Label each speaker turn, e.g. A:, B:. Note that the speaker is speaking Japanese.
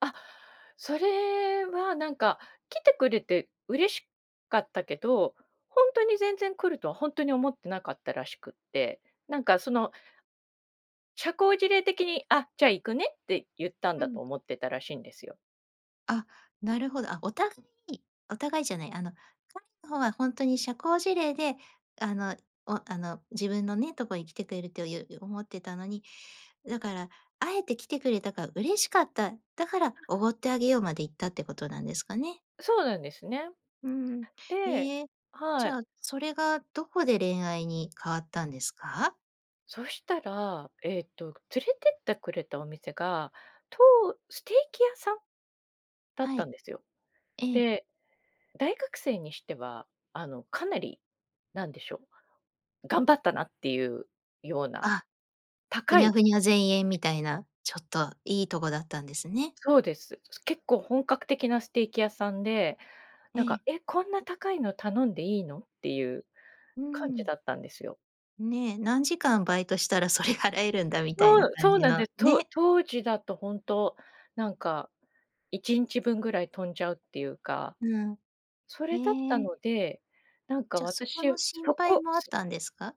A: あ、それはなんか来てくれて嬉しかったけど、ほんとに全然来るとは、ほんとに思ってなかったらしくって、なんかその、社交辞令的に、あ、じゃあ行くねって言ったん
B: う
A: だ
B: ん。
A: と思ってたらしいんですよ。
B: あ、なるほど。あ、お互いお互いじゃない、あの彼の方は、ほんとに社交辞令であの、おあの自分のね、とこに来てくれるという思ってたのに、だからあえて来てくれたから嬉しかった、だから
A: ああ。
B: おごってあげようまでいったってことなんですかね。
A: そうなんですね。
B: うん、
A: で
B: ええ、
A: は
B: じ
A: い。
B: ゃあ、それがどこで恋愛に変わったんですか？
A: そしたら、えっと、連れてってくれたお店が、とうステーキ屋さんだっ
B: は
A: たん
B: い。
A: ですよ。
B: ええ。
A: で、大学生にしては、あのかなり、何でしょう、頑張ったなっていうような
B: あ、ふ
A: 高
B: にゃ
A: い
B: ふにゃぜんえんみたいな、ちょっといいとこだったんですね。
A: そうです。結構本格的なステーキ屋さんで、
B: え
A: なん
B: え。
A: か、え、こんな高いの頼んでいいのっていう
B: う
A: 感じ
B: ん。
A: だったんですよ。
B: ね、何時間バイトしたらそれ 払えるんだみたい
A: そ
B: な
A: う、
B: 感
A: そう
B: じ
A: なんで
B: の
A: す、と
B: ね。
A: 当時だとほんと、なんか1日分ぐらい飛んじゃうっていうか、
B: うん、
A: それだった
B: へえ。
A: ので、なんか
B: じゃ、そこ
A: 私、
B: の心
A: そ
B: 配
A: こ、
B: もあっ
A: す
B: たんですか？